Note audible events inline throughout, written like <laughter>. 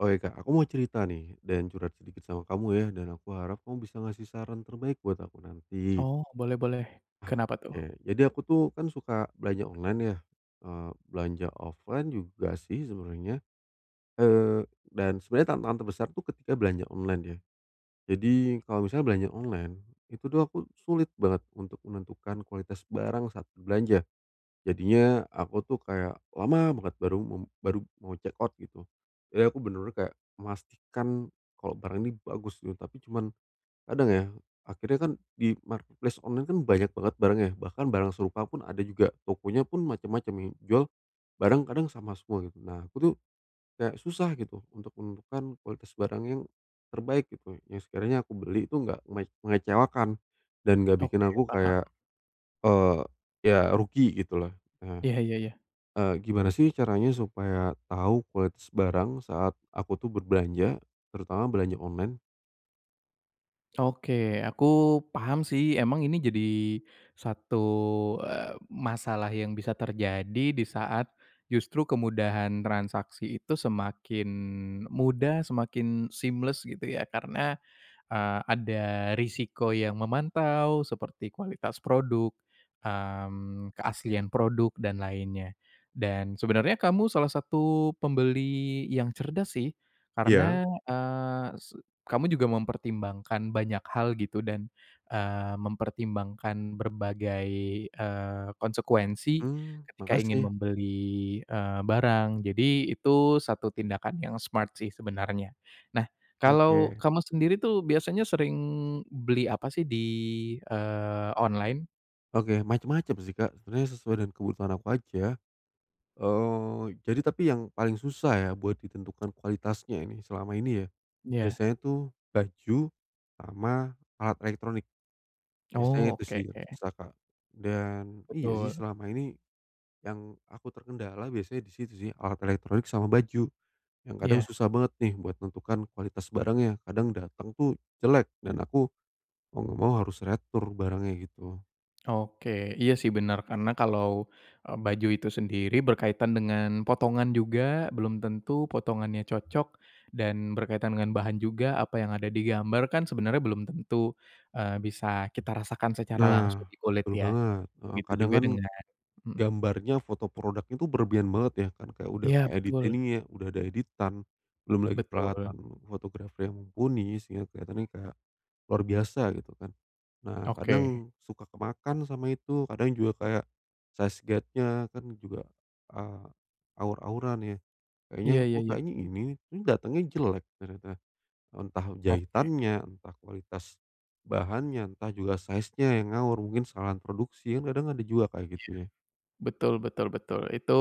Oh, iya, Kak, aku mau cerita nih dan curhat sedikit sama kamu, ya. Dan aku harap kamu bisa ngasih saran terbaik buat aku nanti. Oh, boleh boleh. Kenapa Oke, tuh? jadi aku tuh kan suka belanja online ya, eee, belanja offline juga sih sebenarnya. Eee, dan sebenernya tantangan terbesar tuh ketika belanja online, ya. Jadi kalau misalnya belanja online, itu tuh aku sulit banget untuk menentukan kualitas barang saat berbelanja. Jadinya aku tuh kayak lama banget baru mu baru mau check out gitu. Jadi aku bener-bener kayak memastikan kalau barang ini bagus nih, tapi cuman kadang ya akhirnya kan di marketplace online kan banyak banget barang ya, bahkan barang serupa pun ada juga, tokonya pun macam-macam, yang jual barang kadang sama semua, gitu. Nah, aku tuh kayak susah gitu untuk menentukan kualitas barang yang terbaik, gitu. Yang sekiranya aku beli itu nggak menge mengecewakan dan enggak bikin Oke, aku paham. kayak, eee, ya rugi, gitu loh, eh. Iya iya iya. Eee, gimana sih caranya supaya tahu kualitas barang saat aku tuh berbelanja, terutama belanja online? Oke, aku paham sih. Emang ini jadi satu, eee, masalah yang bisa terjadi di saat justru kemudahan transaksi itu semakin mudah, semakin seamless, gitu ya, karena, eee, ada risiko yang memantau seperti kualitas produk, mmm, keaslian produk dan lainnya. Dan sebenernya kamu salah satu pembeli yang cerdas sih, Iya. karena, eee, se kamu juga mempertimbangkan banyak hal, gitu, dan, eee, mempertimbangkan berbagai, eee, konsekuensi Mmm, ketika ingin makasih. membeli, eee, barang. Jadi itu satu tindakan yang smart sih sebenarnya. Nah, kalau Oke. kamu sendiri tuh biasanya sering beli apa sih di, eee, online? Oke, macam-macam sih, Kak, sebenernya sesuai dengan kebutuhan aku aja. Eee, jadi tapi yang paling susah ya buat ditentukan kualitasnya ini selama ini ya, Iya. biasanya tu baju sama alat elektronik. Oh, Biasanya itu oke. sih yang susah, Kak. Dan, iya sih, Betul. selama ini yang aku terkendala biasanya di situ sih, alat elektronik sama baju yang kadang Iya. susah banget nih buat menentukan kualitas barangnya. Kadang datang itu jelek dan aku mau enggak mau harus retur barangnya, gitu. Oke. Iya sih, bener. Karena kalau, e baju itu sendiri berkaitan dengan potongan juga. Belum tentu potongannya cocok dan berkaitan dengan bahan juga. Apa yang ada di gambar kan, sebenernya belum tentu, eee, bisa kita rasakan secara Nah, langsung di kulit, betul ya. banget. Heeh, Begitu kadang juga kan dengan mhm. gambarnya, foto produknya tuh berlebihan banget, ya. Kan kayak udah Iya, keedit betul. ininya, udah ada editan, belum lagi Betul. peralatan fotografer yang mumpuni, sehingga keliatannya kayak luar biasa, gitu kan. Nah, Oke. kadang suka kemakan sama itu, kadang juga kayak size guide-nya kan juga, eee, awur-awuran, ya. Kayaknya, Iya iya "Oh, iya. kayaknya ini," ini datangnya jelek, ternyata. Entah Oke. jahitannya, entah kualitas bahannya, entah juga size nya yang ngawur. Mungkin kesalahan produksi, kan kadang ada juga kayak Iya, gitu, ya. betul betul betul. Itu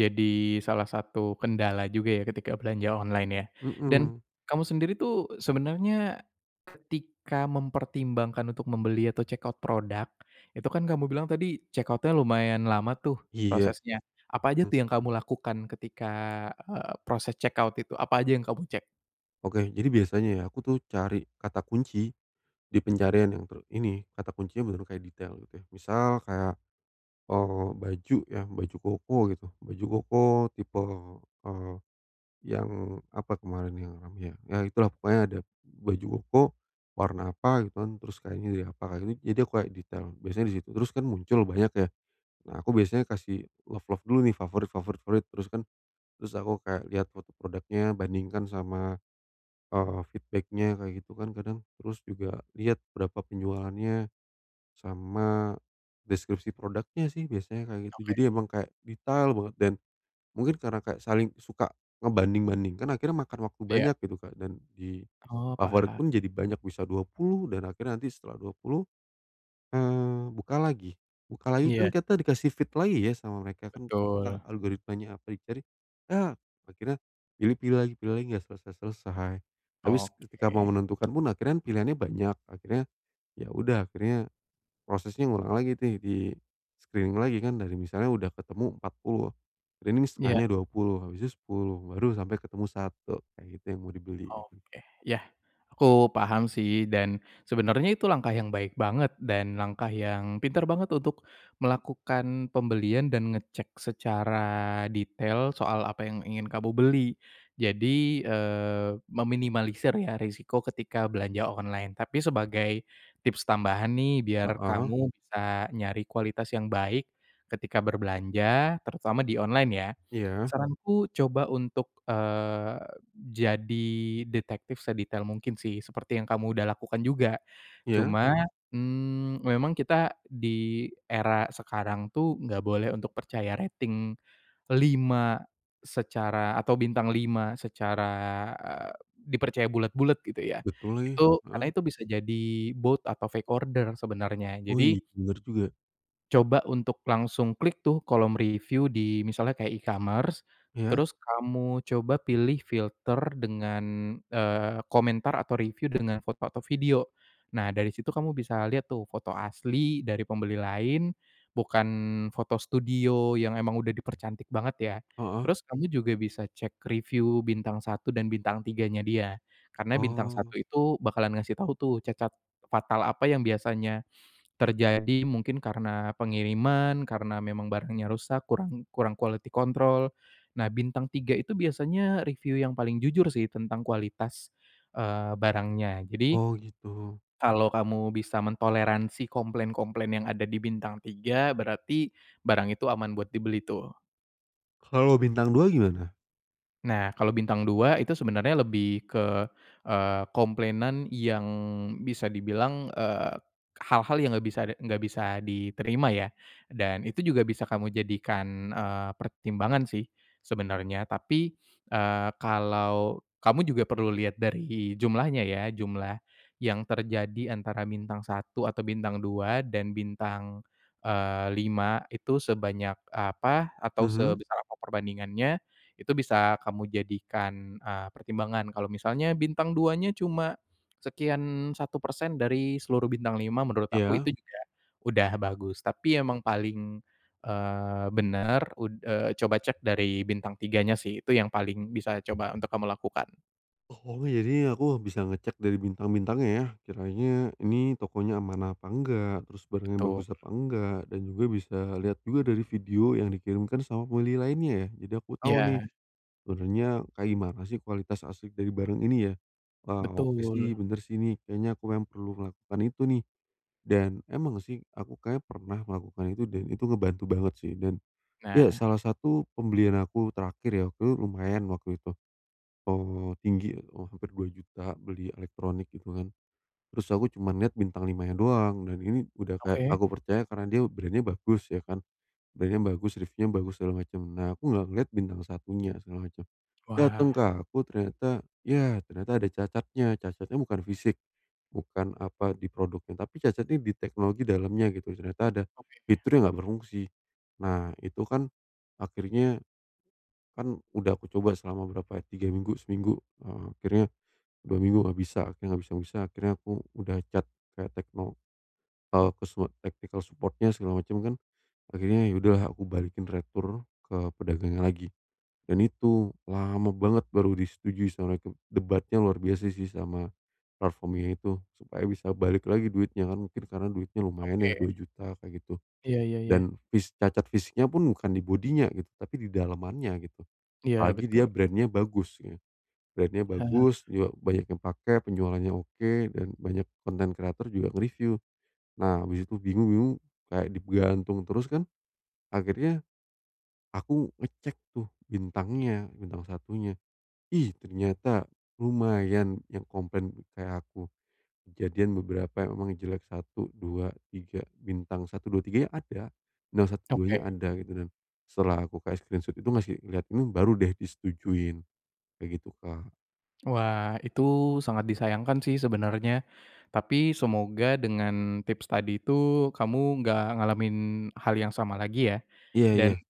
jadi salah satu kendala juga ya, ketika belanja online, ya. Dan, Mhm. kamu sendiri tuh, sebenarnya ketika mempertimbangkan untuk membeli atau check out produk, itu kan kamu bilang tadi check out-nya lumayan lama tuh, Iya, prosesnya. Apa aja mmm. tuh yang kamu lakukan ketika, eee, proses check out itu? Apa aja yang kamu cek? Oke, jadi, biasanya, ya, aku, tuh, cari kata kunci di pencarian yang ter ini, kata kuncinya bener-bener kayak detail, gitu, ya. Misal, kayak, eee, baju, ya, baju koko, gitu. Baju koko tipe, eee, yang apa kemarin yang ramai, ya. Ya, itulah. Pokoknya, ada baju koko, warna apa, gitu, kan. Terus, kainnya dari apa, akhirnya. Jadi, aku kayak detail, biasanya di situ. Terus, kan, muncul banyak, ya. Nah, aku biasanya kasih love-love dulu, nih, favorit-favorit fruit. Terus, kan, terus aku kayak lihat foto produknya, bandingkan sama, eee, feedback-nya kayak gitu, kan, kadang. Terus, juga lihat berapa penjualannya, sama deskripsi produknya, sih, biasanya kayak gitu. Oke. Jadi, emang kayak detail banget, dan mungkin karena kayak saling suka ngebanding-bandingkan, akhirnya makan waktu Iya. banyak, gitu, Kak. Dan, di Oh, favorit paham. pun, jadi banyak, bisa 20, dan akhirnya nanti setelah 20, eee, buka lagi. Buka lagi, kan, Iya. kita dikasih feed lagi, ya, sama mereka, kan, a Betul. algoritmanya apa dicari, ya, akhirnya pilih-pilih lagi, pilih lagi, enggak selesai-selesai. Habis, ketika mau Oke. menentukan pun akhirnya, kan, pilihannya banyak, akhirnya, ya udah, akhirnya, prosesnya ngulang lagi nih di-screening lagi, kan. Dari misalnya udah ketemu 40, screening Iya. setengahnya 20, habisnya 10, baru sampai ketemu 1, kayak gitu yang mau dibeli, gitu. Oke, iya. Aku paham, sih, dan sebenernya itu langkah yang baik banget, dan langkah yang pinter banget untuk melakukan pembelian, dan ngecek secara detail soal apa yang ingin kamu beli. Jadi, eee, meminimalisir, ya, resiko ketika belanja online. Tapi, sebagai tips tambahan nih, biar Heeh. kamu bisa nyari kualitas yang baik ketika berbelanja, terutama di online, ya. Iya. Saranku coba untuk, eee, jadi detektif sedetail mungkin, sih, seperti yang udah kamu lakukan juga. Iya. Cuma, mmm, memang kita di era sekarang, tuh, enggak boleh untuk percaya rating 5 secara, atau bintang 5 secara, eee, dipercaya bulat-bulat, gitu, ya. Betul lagi, Itu karena heeh. itu bisa jadi bot atau fake order sebenernya. Wih, Jadi bener juga. Coba untuk langsung klik tuh, kolom review di misalnya kayak e-commerce. Iya. Terus kamu coba pilih filter dengan, eee, komentar atau review dengan foto atau video. Nah, dari situ kamu bisa lihat tuh, foto asli dari pembeli lain, bukan foto studio yang emang udah dipercantik banget, ya. Heeh. Terus kamu juga bisa cek review bintang 1 dan bintang 3-nya dia. Karena bintang Oh. 1 itu bakalan ngasih tahu tuh, cacat fatal apa yang biasanya terjadi. Mungkin karena pengiriman, karena memang barangnya rusak, kurang kurang quality control. Nah, bintang 3 itu biasanya review yang paling jujur sih, tentang kualitas, eee, barangnya. Jadi, Oh, gitu. kalau kamu bisa mentoleransi komplain-komplain yang ada di bintang 3, berarti barang itu aman buat dibeli, tuh. Kalau bintang 2 gimana? Nah, kalau bintang 2, itu sebenarnya lebih ke, eee, komplainan yang, bisa dibilang, eee, k hal-hal yang enggak bisa de enggak bisa diterima, ya. Dan itu juga bisa kamu jadikan, eee, pertimbangan sih, sebenarnya. Tapi, eee, kalau kamu juga perlu lihat dari jumlahnya, ya. Jumlah yang terjadi antara bintang 1 atau bintang 2 dan bintang, eee, 5, itu sebanyak apa atau Mhm. sebesar apa perbandingannya. Itu bisa kamu jadikan, eee, pertimbangan. Kalau misalnya bintang 2-nya cuma sekian 1% dari seluruh bintang 5, menurut aku Iya. itu juga udah bagus. Tapi emang paling, eee, bener ud eee, coba cek dari bintang 3-nya, sih. Itu yang paling bisa coba untuk kamu lakukan. Oh. Jadi aku bisa ngecek dari bintang-bintangnya, ya, kiranya ini tokonya amanah apa enggak, terus barangnya Betul. bagus apa enggak, dan juga bisa lihat juga dari video yang dikirimkan sama pembeli lainnya, ya. Jadi aku tahu nih, Iya. sebenernya kayak gimana sih, kualitas asli dari barang ini, ya. Wah, oke sih, Betul. bener sih nih. Kayaknya aku mem perlu melakukan itu, nih. Dan emang sih, aku kayaknya pernah melakukan itu, dan itu ngebantu banget, sih. Dan, iya, Nah. salah satu pembelian aku terakhir ya, itu lumayan waktu itu. Oh, tinggi. Oh, hampir Rp2.000.000 beli elektronik, gitu kan. Terus aku cuma lihat bintang 5 nya doang, dan ini, udah kayak Oke. aku percaya karena dia brand-nya bagus, ya kan. Brand-nya bagus, reviewnya bagus, segala macem. Nah, aku enggak ngelihat bintang 1-nya, segala macam. Dateng Wah. ke aku ternyata, ya ternyata ada cacatnya. Cacatnya bukan fisik, bukan, apa, di produknya, tapi cacatnya di teknologi dalamnya, gitu. Ternyata ada Oke. fitur yang enggak berfungsi. Nah, itu kan akhirnya kan udah aku coba selama berapa, 3 minggu, seminggu, heeh. Akhirnya, 2 minggu enggak bisa. Akhirnya nggak bisa-bisa, akhirnya aku, udah chat kayak tekno, eee, ke semua technical support-nya, segala macem, kan. Akhirnya ya udah lah, aku balikin retur, ke pedagangnya lagi. Dan itu lama banget baru disetujui sama mereka. Debatnya luar biasa, sih, sama platform ini itu. Supaya bisa balik lagi duitnya, kan. Mungkin karena duitnya lumayan ya Oke. Rp2.000.000 kayak gitu. Iya, ya ya. Dan fis cacat fisiknya pun, bukan di body-nya, gitu. Tapi di dalemannya, gitu. Iya, Apalagi dia betul. brand-nya bagus. <unintelligible> Brand-nya Heeh. bagus, juga banyak yang pake, penjualannya oke, dan banyak konten kreator juga nge-review. Nah, habis itu bingung bingung, kayak digantung terus kan. Akhirnya, aku ngecek tuh, bintangnya, bintang 1-nya. Ih, ternyata lumayan yang komplain, kayak aku. Kejadian beberapa yang emang jelek, 1, 2, 3, bintang 1, 2, 3 nya ada. No 1, 2 nya Oke. ada. Gitu, dan, setelah aku kayak screenshot itu masih ngelihat, ini baru deh disetujuin. Kayak gitu, Kak. Wah, itu sangat disayangkan sih sebenernya. Tapi semoga dengan tips tadi itu, kamu nggak ngalamin hal yang sama lagi, ya. Iya, Dan ya.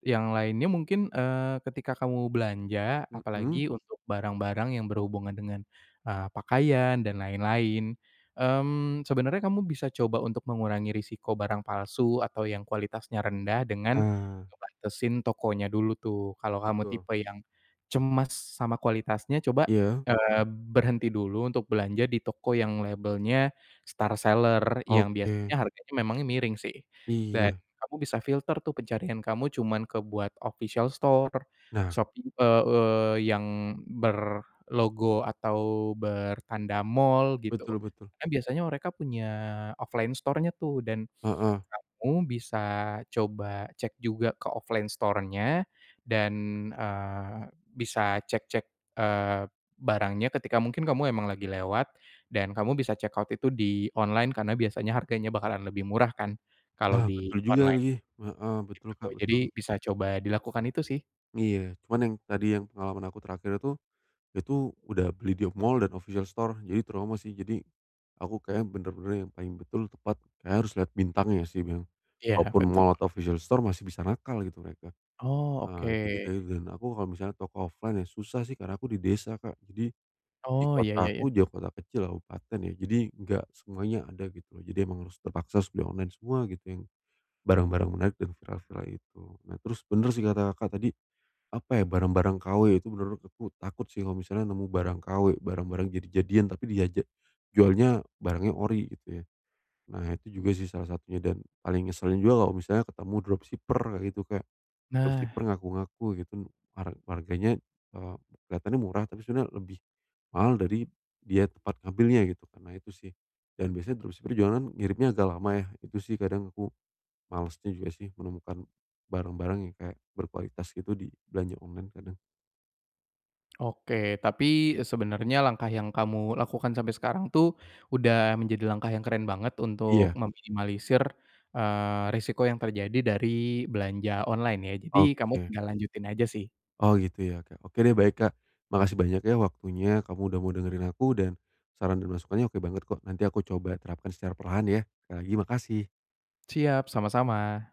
yang lainnya mungkin, eee, ketika kamu belanja, Mhm. apalagi untuk barang-barang yang berhubungan dengan, eee, pakaian dan lain-lain, mmm, sebenernya kamu bisa coba untuk mengurangi resiko barang palsu atau yang kualitasnya rendah, dengan Ah. ngebantesin tokonya dulu, tuh. Kalau kamu Betul. tipe yang cemas sama kualitasnya coba, Iya. eee, berhenti dulu untuk belanja di toko yang labelnya star seller, yang Oke. biasanya harganya memangnya miring, sih. Dan Iya. kamu bisa filter tuh pencarian kamu, cuman ke buat official store, Nah. Shopee, e eee, yang berlogo atau bertanda mall, gitu. Betul betul. Kan biasanya mereka punya offline store-nya tuh, dan Heeh. <snorts> kamu bisa coba cek juga ke offline store-nya dan, eee, bisa cek-cek, eee, barangnya ketika mungkin kamu emang lagi lewat, dan kamu bisa check out itu di online. Karena biasanya harganya bakalan lebih murah kan kalau Wah, di betul juga online, lagi. Heeh, betul, gitu, Kak, jadi betul. bisa coba dilakukan itu sih. Iya, cuman yang tadi yang pengalaman aku terakhir itu, itu udah beli di mall dan official store, jadi trauma sih. Jadi, aku kayaknya bener-bener yang paling betul, tepat, kayaknya harus lihat bintangnya sih memang. Iya, Walaupun betul. mall atau official store, masih bisa nakal gitu mereka. Oh, Eee, jadi oke. kayaknya dan aku kalau misalnya toko offline ya susah sih, karena aku di desa, Kak, jadi di Oh. Iya ya ya. kotaku juga kota kecil, kabupaten ya, jadi nggak semuanya ada gitu. Jadi emang harus terpaksa sudah online semua gitu, yang barang-barang menarik dan viral-viral itu. Nah, terus bener sih kata Kakak tadi, apa ya, barang-barang kw itu menurut aku takut sih kalau misalnya nemu barang kw, barang-barang jadi-jadian, tapi dia ja jualnya, barangnya ori, gitu ya. Nah, itu juga sih salah satunya dan paling ngeselin juga kalau misalnya ketemu dropshipper kayak gitu, Kak. Nah. Dropshipper ngaku-ngaku gitu, har harganya, eee, kelihatannya murah, tapi sebenarnya lebih mahal dari dia tempat ngambilnya, gitu kan. Nah itu sih, dan biasanya dropshipper juga kan ngirimnya agak lama yah, itu sih, kadang aku malesnya juga sih menemukan barang-barang yang kayak berkualitas gitu di belanja online, kadang. Oke. Tapi, eee, sebenarnya langkah yang kamu lakukan sampai sekarang tuh, udah menjadi langkah yang keren banget untuk Iya. meminimalisir, eee, resiko yang terjadi dari belanja online ,ya. Jadi kamu Oke. tinggal lanjutin aja sih. Oh, gitu ya, Kak. Oke deh, baik, Kak. Makasih banyak ya waktunya, kamu udah mau dengerin aku dan saran dan masukannya oke banget kok. Nanti aku coba terapkan secara perlahan, ya. Sekali lagi, makasih. Siap, sama-sama.